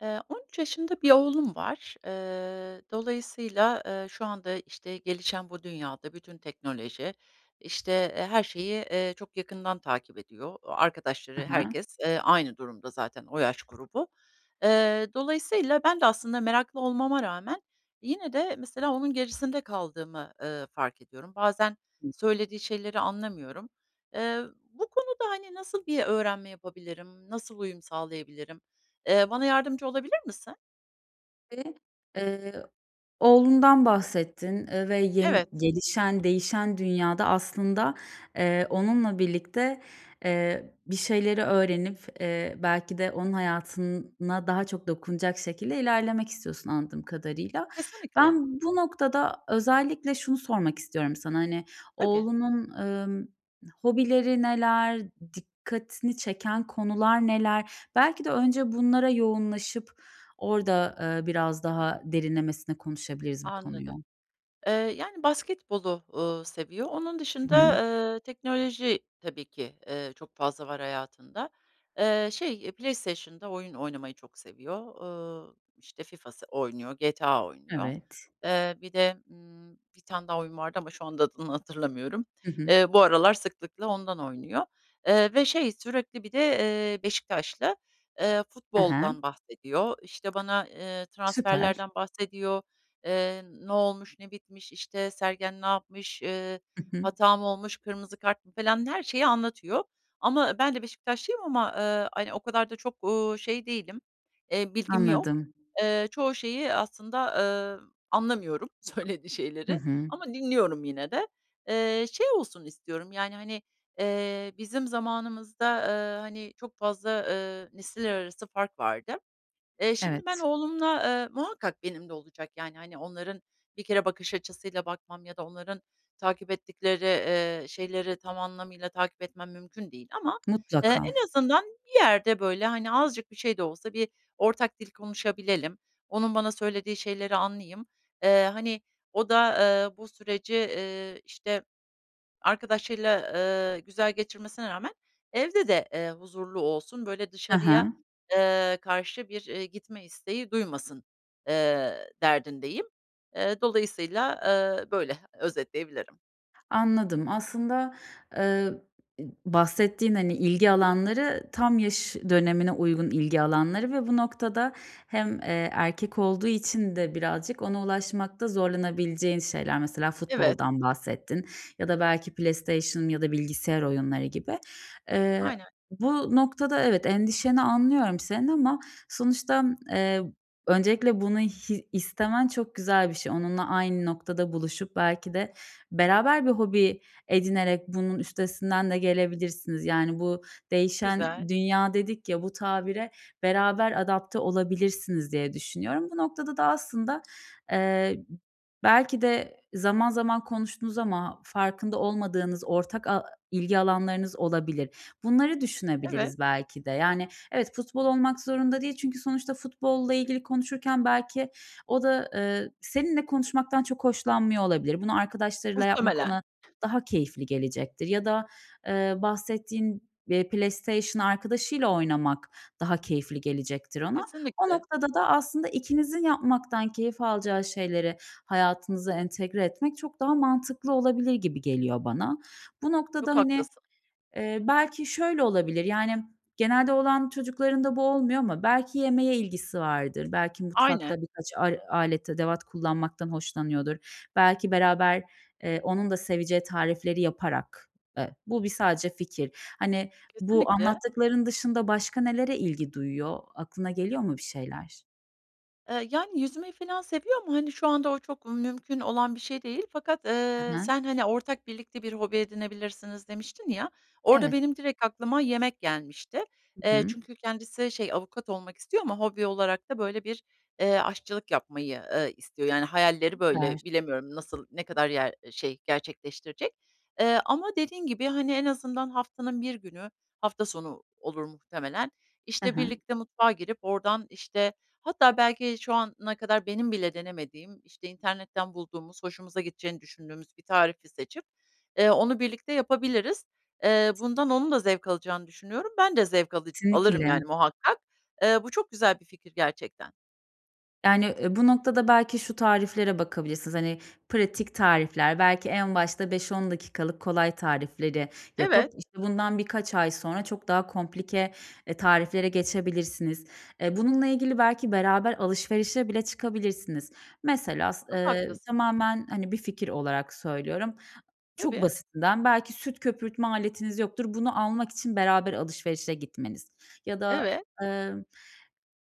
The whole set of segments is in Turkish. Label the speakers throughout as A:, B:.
A: Eee, 13 yaşında bir oğlum var. Iıı, dolayısıyla, ııı, şu anda işte gelişen bu dünyada bütün teknoloji işte her şeyi, eee, çok yakından takip ediyor.
B: Hı
A: Arkadaşları,
B: hı.
A: herkes, eee, aynı durumda zaten, o yaş grubu. Eee, dolayısıyla ben de aslında meraklı olmama rağmen yine de mesela onun gerisinde kaldığımı, ııı, fark ediyorum. Bazen
B: Hı hı.
A: söylediği şeyleri anlamıyorum. Eee, bu konuda hani nasıl bir öğrenme yapabilirim? Nasıl uyum sağlayabilirim? Eee, bana yardımcı olabilir misin?
B: [unintelligible] eee, oğlundan bahsettin, eee, ve yeni
A: Evet.
B: gelişen değişen dünyada aslında, eee, onunla birlikte, eee, bir şeyleri öğrenip, eee, belki de onun hayatına daha çok dokunacak şekilde ilerlemek istiyorsun anladığım kadarıyla.
A: Kesinlikle.
B: Ben bu noktada özellikle şunu sormak istiyorum sana hani
A: Tabii.
B: oğlunun, ımm, hobileri neler? Dikkatini çeken konular neler? Belki de önce bunlara yoğunlaşıp orada, eee, biraz daha derinlemesine konuşabiliriz bu konuyu.
A: Anladım, eee, yani basketbolu, ııı, seviyor. Onun
B: Hı hı.
A: dışında, ııı, teknoloji tabii ki, ııı, çok fazla var hayatında. Iıı, şey PlayStation'da oyun oynamayı çok seviyor. Iıı, işte FIFA s oynuyor, GTA oynuyor.
B: Evet.
A: Eee, bir de, ımm, 1 tane daha oyun vardı ama şu anda adını hatırlamıyorum.
B: Hı hı.
A: Eee, bu aralar sıklıkla ondan oynuyor. Iıı, ve şey sürekli bir de, eee, Beşiktaşlı, eee,
B: Hı hı.
A: futboldan bahsediyor. İşte bana, ııı,
B: Süper.
A: transferlerden bahsediyor. Eee, ne olmuş? Ne bitmiş? İşte Sergen ne yapmış? Iıı,
B: Hı hı.
A: hata mı olmuş? Kırmızı kart mı falan her şeyi anlatıyor. Ama ben de Beşiktaşlıyım ama, ııı, hani o kadar da çok, uuu, şey değilim, eee, bilgim yok.
B: Anladım.
A: Eee, çoğu şeyi aslında, ııı, anlamıyorum söylediği
B: Hı
A: şeyleri
B: hı.
A: ama dinliyorum yine de. Eee, şey olsun istiyorum yani hani, eee, bizim zamanımızda, ııı, hani çok fazla, ııı, nesiller arası fark vardı. Eee, şimdi ben
B: Evet.
A: oğlumla, eee, muhakkak benim de olacak yani hani onların bir kere bakış açısıyla bakmam ya da onların takip ettikleri, ııı, şeyleri tam anlamıyla takip etmem mümkün değil. Ama, ııı,
B: Mutlaka.
A: en azından bir yerde böyle hani azıcık bir şey de olsa bir ortak dil konuşabilelim. Onun bana söylediği şeyleri anlayayım. Iıı, hani o da eee bu süreci, ııı ,işte arkadaşıyla, ııı, güzel geçirmesine rağmen evde de, eee, huzurlu olsun. Böyle
B: Hı
A: dışarıya,
B: hı.
A: ııı, karşı bir, iii, gitme isteği duymasın, ııı, derdindeyim. Eee, dolayısıyla, ııı, böyle özetleyebilirim.
B: Anladım. Aslında, eee, i b bahsettiğin, hani, ilgi alanları, tam yaş dönemine uygun ilgi alanları ve bu noktada hem, eee, erkek olduğu için de birazcık ona ulaşmakta zorlanabileceğin şeyler. Mesela
A: Evet.
B: futboldan bahsettin ya da belki PlayStation ya da bilgisayar oyunları gibi. Eee,
A: Aynen.
B: bu noktada evet, endişeni anlıyorum senin ama sonuçta, eee, öncelikle bunu hi istemen çok güzel bir şey. Onunla aynı noktada buluşup belki de beraber bir hobi edinerek bunun üstesinden de gelebilirsiniz, yani, bu "değişen
A: Güzel.
B: dünya" dedik ya, bu tabire beraber adapte olabilirsiniz diye düşünüyorum. Bu noktada da aslında, eee, belki de zaman zaman konuştunuz ama farkında olmadığınız ortak a ilgi alanlarınız olabilir. Bunları
A: Evet.
B: düşünebiliriz belki de, yani, evet, futbol olmak zorunda değil çünkü sonuçta futbolla ilgili konuşurken belki o da, eee, seninle konuşmaktan çok hoşlanmıyor olabilir. Bunu arkadaşlarıyla yapmak
A: Muhtemelen.
B: ona daha keyifli gelecektir ya da, eee, bahsettiğin be PlayStation arkadaşıyla oynamak daha keyifli gelecektir ona. O
A: Kesinlikle.
B: noktada da aslında ikinizin yapmaktan keyif alacağı şeyleri hayatınıza entegre etmek çok daha mantıklı olabilir gibi geliyor bana. Bu noktada,
A: Çok
B: hani,
A: haklısın.
B: eee, belki şöyle olabilir, yani, genelde oğlan çocuklarında bu olmuyor ama belki yemeğe ilgisi vardır, belki mutfakta
A: Aynen.
B: birkaç ar alet edevat kullanmaktan hoşlanıyordur. Belki beraber, eee, onun da seveceği tarifleri yaparak Eee, bu bir sadece fikir. Hani, bu
A: Kesinlikle.
B: anlattıkların dışında başka nelere ilgi duyuyor? Aklına geliyor mu bir şeyler?
A: Eee, yani, yüzmeyi filan seviyor ama, hani, şu anda o çok mümkün olan bir şey değil fakat,
B: Hı
A: eee,
B: hı.
A: sen, hani, "Ortak, birlikte bir hobi edinebilirsiniz." demiştin ya, orada
B: Evet.
A: benim direkt aklıma yemek gelmişti.
B: Hı
A: Eee,
B: hı.
A: çünkü kendisi şey, avukat olmak istiyor ama hobi olarak da, böyle, bir, eee, aşçılık yapmayı, ııı, istiyor, yani hayalleri
B: Süper.
A: böyle. Bilemiyorum nasıl, ne kadar yer şey, gerçekleştirecek, eee, ama dediğin gibi, hani, en azından haftanın 1 günü, hafta sonu olur muhtemelen,
B: Hı
A: işte,
B: hı.
A: birlikte mutfağa girip oradan, işte, hatta belki şu ana kadar benim bile denemediğim, işte, internetten bulduğumuz, hoşumuza gideceğini düşündüğümüz bir tarifi seçip, eee, onu birlikte yapabiliriz. Eee,
B: Evet.
A: bundan onun da zevk alacağını düşünüyorum. Ben de zevk alıc alırım
B: Kesinlikle
A: yani muhakkak. Eee, bu çok güzel bir fikir gerçekten.
B: Yani, ııı, bu noktada belki şu tariflere bakabilirsiniz. Hani, pratik tarifler, belki en başta 5-10 dakikalık kolay tarifleri yapıp,
A: Evet.
B: işte, bundan birkaç ay sonra çok daha komplike, eee, tariflere geçebilirsiniz. Eee, bununla ilgili belki beraber alışverişe bile çıkabilirsiniz. Mesela, s
A: Çok
B: ııı,
A: haklısın.
B: tamamen, hani, bir fikir olarak söylüyorum. Çok
A: Tabii.
B: basitinden belki süt köpürtme aletiniz yoktur. Bunu almak için beraber alışverişe gitmeniz ya da,
A: Evet.
B: emm.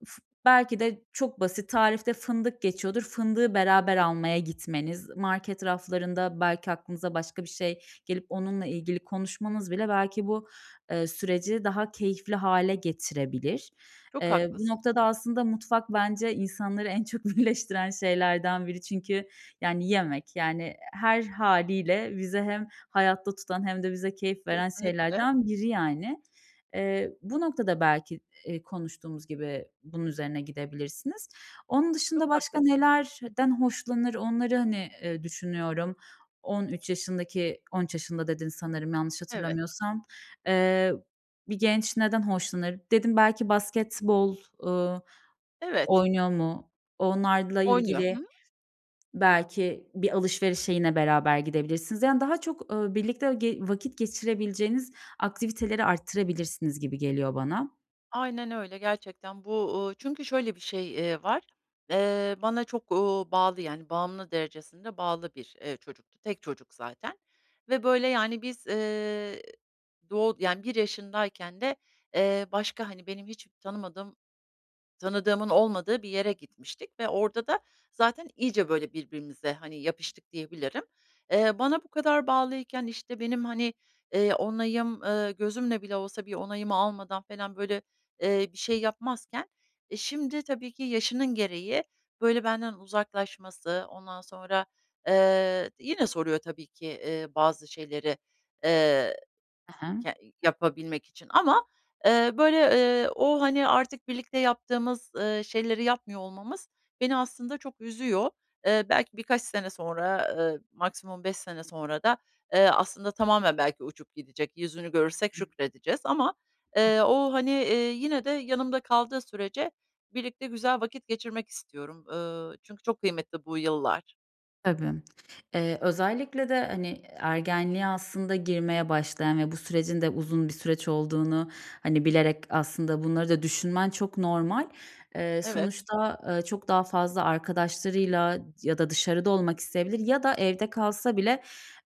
B: Uf belki de çok basit tarifte fındık geçiyordur, fındığı beraber almaya gitmeniz, market raflarında belki aklınıza başka bir şey gelip onunla ilgili konuşmanız bile belki bu, eee, süreci daha keyifli hâle getirebilir,
A: Çok
B: eee, bu
A: haklısın.
B: noktada aslında, mutfak bence insanları en çok birleştiren şeylerden biri çünkü, yani, yemek, yani, her hâliyle bizi hem hayatta tutan hem de bize keyif veren
A: Kesinlikle.
B: şeylerden biri yani. Eee, bu noktada belki, eee, konuştuğumuz gibi bunun üzerine gidebilirsiniz. Onun
A: Çok
B: dışında başka
A: haklısın.
B: nelerden hoşlanır onları, hani, ııı, düşünüyorum. 13 yaşındaki 13 yaşında dedin sanırım yanlış
A: Evet.
B: hatırlamıyorsam. Eee, bir genç neden hoşlanır? Dedim, "Belki basketbol, ııı,
A: Evet.
B: oynuyor mu?" Onlarla
A: Oynuyor, hı
B: ilgili
A: hı.
B: belki bir alışverişe yine beraber gidebilirsiniz, yani, daha çok, ııı, birlikte ge vakit geçirebileceğiniz aktiviteleri artırabilirsiniz gibi geliyor bana.
A: Aynen öyle, gerçekten. Bu, ııı, çünkü şöyle bir şey, eee, var. Eee, bana çok, ııı, bağlı, yani, bağımlı derecesinde bağlı bir, eee, çocuktu. Tek çocuk zaten ve, böyle, yani, biz, ııı, doğ yani, bir yaşındayken de, ııı, başka, hani, benim hiç tanımadığım tanıdığımın olmadığı bir yere gitmiştik ve orada da zaten iyice, böyle, birbirimize, hani, yapıştık diyebilirim. Eee, bana bu kadar bağlıyken, işte, benim, hani, ııı, onayım, ııı, gözümle bile olsa bir onayımı almadan felan, böyle, ııı, bir şey yapmazken, e, şimdi tabii ki yaşının gereği, böyle, benden uzaklaşması. Ondan sonra, ııı, yine soruyor tabii ki, ııı, bazı şeyleri, ııı,
B: Hı hı.
A: ke yapabilmek için ama, eee, böyle, ııı, o, hani, artık birlikte yaptığımız, ııı, şeyleri yapmıyor olmamız beni aslında çok üzüyor. Eee, belki birkaç sene sonra, eee, maksimum 5 sene sonra da, ııı, aslında tamamen belki uçup gidecek, yüzünü görürsek
B: Hı hı.
A: şükredeceğiz ama,
B: Hıh.
A: eee, o, hani, eee, yine de yanımda kaldığı sürece birlikte güzel vakit geçirmek istiyorum. Iıı, çünkü çok kıymetli bu yıllar.
B: Tabii. Eee, özellikle de hani ergenliğe aslında girmeye başlayan ve bu sürecin de uzun bir süreç olduğunu hani bilerek aslında bunları da düşünmen çok normal. Eee,
A: Evet.
B: sonuçta, eee, çok daha fazla arkadaşlarıyla ya da dışarıda olmak isteyebilir ya da evde kalsa bile,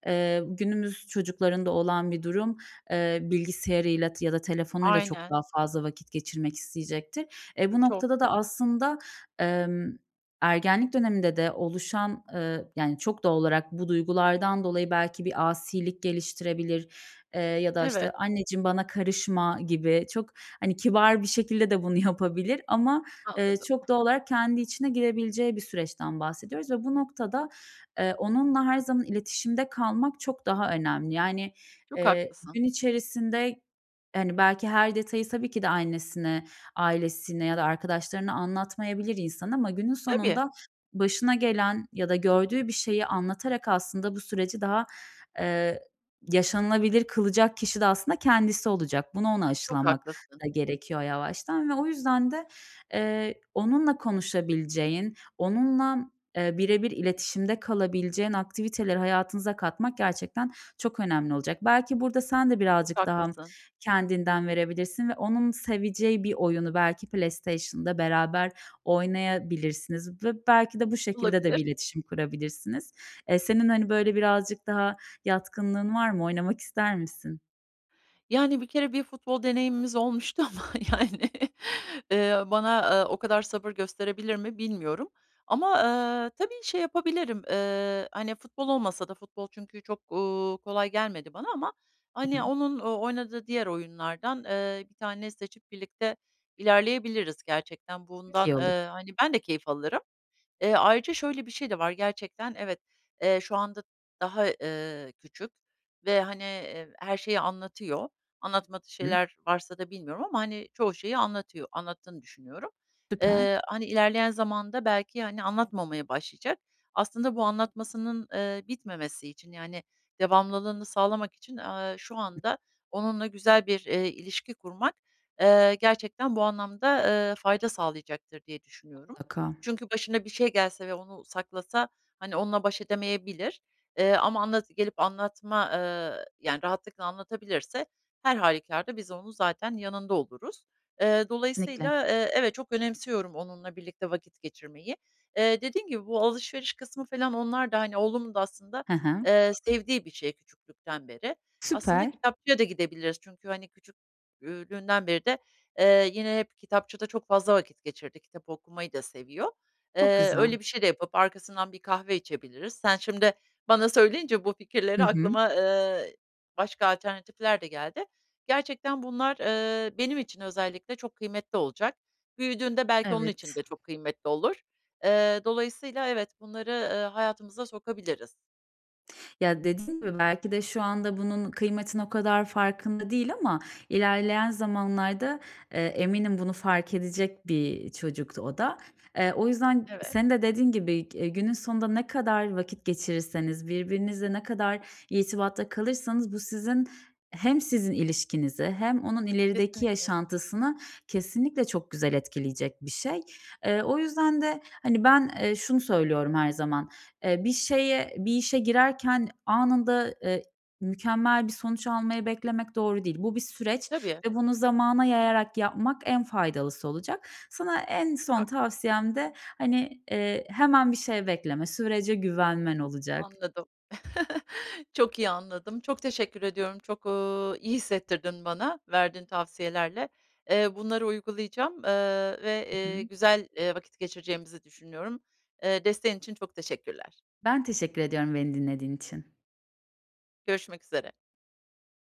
B: eee, günümüz çocuklarında olan bir durum, eee, bilgisayarıyla t ya da telefonuyla çok
A: Aynen.
B: daha fazla vakit geçirmek isteyecektir. E, bu
A: Çok.
B: noktada da aslında, emm, ergenlik döneminde de oluşan, eee, yani, çok doğal olarak bu duygulardan dolayı belki bir asilik geliştirebilir, eee, ya da işte
A: Evet.
B: "Anneciğim bana karışma." gibi çok hani kibar bir şekilde de bunu yapabilir ama, eee,
A: Anladım.
B: çok doğal olarak kendi içine girebileceği bir süreçten bahsediyoruz ve bu noktada, eee, onunla her zaman iletişimde kalmak çok daha önemli. Yani,
A: Çok
B: eee,
A: haklısın.
B: gün içerisinde hani belki her detayı tabii ki de annesine, ailesine ya da arkadaşlarına anlatmayabilir insan ama günün
A: Tabii.
B: sonunda başına gelen ya da gördüğü bir şeyi anlatarak aslında bu süreci daha, eee, yaşanılabilir kılacak kişi de aslında kendisi olacak. Bunu ona
A: Çok
B: aşılamak
A: haklısın.
B: da gerekiyor yavaştan. Ve o yüzden de, eee, onunla konuşabileceğin, onunla, eee, bire bir iletişimde kalabileceğin aktiviteleri hayatınıza katmak gerçekten çok önemli olacak. Belki burada sen de
A: Çok
B: birazcık daha
A: haklısın.
B: kendinden verebilirsin ve onun seveceği bir oyunu belki PlayStation'da beraber oynayabilirsiniz ve belki de bu şekilde de
A: Olabilir.
B: bir iletişim kurabilirsiniz. Eee, senin hani böyle birazcık daha yatkınlığın var mı? Oynamak ister misin?
A: Yani, 1 kere bir futbol deneyimimiz olmuştu ama, yani, eee, bana, ııı, o kadar sabır gösterebilir mi bilmiyorum. Ama, ııı, tabii şey yapabilirim. Iıı, hani, futbol olmasa da futbol çünkü çok, ııı, kolay gelmedi bana ama,
B: Hı
A: hani,
B: hı.
A: onun oynadığı diğer oyunlardan, ııı, 1 tanesini seçip birlikte ilerleyebiliriz gerçekten.
B: Çok
A: Bundan,
B: iyi olur.
A: ııı, hani, ben de keyif alırım. Eee, ayrıca şöyle bir şey de var. Gerçekten evet, eee, şu anda daha, eee, küçük ve, hani, eee, her şeyi anlatıyor. Anlatmadığı
B: Hıı.
A: şeyler varsa da bilmiyorum ama, hani, çoğu şeyi anlatıyor, anlattığını düşünüyorum.
B: Süper.
A: Eee, hani, ilerleyen zamanda belki, hani, anlatmamaya başlayacak. Aslında bu anlatmasının, ııı, bitmemesi için, yani, devamlılığını sağlamak için, eee, şu anda onunla güzel bir, eee, ilişki kurmak, eee, gerçekten bu anlamda, eee, fayda sağlayacaktır diye düşünüyorum.
B: Mutlaka.
A: Çünkü başına bir şey gelse ve onu saklasa, hani, onunla baş edemeyebilir. Eee, ama anlat gelip anlatma, ııı, yani, rahatlıkla anlatabilirse her hâlükârda biz onun zaten yanında oluruz. Eee,
B: Kesinlikle.
A: dolayısıyla, eee, evet çok önemsiyorum onunla birlikte vakit geçirmeyi. Eee, dediğim gibi bu alışveriş kısmı falan onlar da, hani, oğlumun da aslında,
B: Hı hı.
A: eee, sevdiği bir şey küçüklükten beri. Aslında
B: Süper.
A: kitapçıya da gidebiliriz çünkü, hani, küçük ü lüğünden beri de, eee, yine hep kitapçıda çok fazla vakit geçirdi. Kitap okumayı da seviyor.
B: Çok
A: Eee,
B: güzel.
A: öyle bir şey de yapıp arkasından bir kahve içebiliriz. Sen şimdi bana söyleyince bu
B: Hı
A: fikirleri
B: hı.
A: aklıma, ııı, başka alternatifler de geldi. Gerçekten bunlar, ııı, benim için özellikle çok kıymetli olacak. Büyüdüğünde belki onun için
B: Evet.
A: de çok kıymetli olur. Eee, dolayısıyla evet, bunları, ııı, hayatımıza sokabiliriz.
B: Ya, dediğin gibi belki de şu anda bunun kıymetinin o kadar farkında değil ama ilerleyen zamanlarda, eee, eminim bunu fark edecek bir çocuktu o da. Eee, o yüzden n
A: Evet.
B: senin de dediğin gibi, e günün sonunda ne kadar vakit geçirirseniz, birbirinizle ne kadar irtibatta kalırsanız bu sizin hem sizin ilişkinizi hem onun ilerideki
A: Kesinlikle.
B: yaşantısını kesinlikle çok güzel etkileyecek bir şey. Eee, o yüzden de, hani, ben, ııı, şunu söylüyorum her zaman. Eee, bir şeye bir işe girerken anında, eee ı, mükemmel bir sonuç almayı beklemek doğru değil. Bu bir süreç
A: Tabii.
B: ve bunu zamana yayarak yapmak en faydalısı olacak. Sana en
A: Çok
B: son
A: haklısın.
B: tavsiyem de, hani, eee, hemen bir şey bekleme, sürece güvenmen olacak.
A: Anladım. Çok iyi anladım. Çok teşekkür ediyorum, çok, ııı, iyi hissettirdin bana verdiğin tavsiyelerle. Eee, bunları uygulayacağım, eee, ve,
B: Hı hı.
A: iii, güzel, iii, vakit geçireceğimizi düşünüyorum. Eee, desteğin için çok teşekkürler.
B: Ben teşekkür ediyorum beni dinlediğin için.
A: Görüşmek üzere.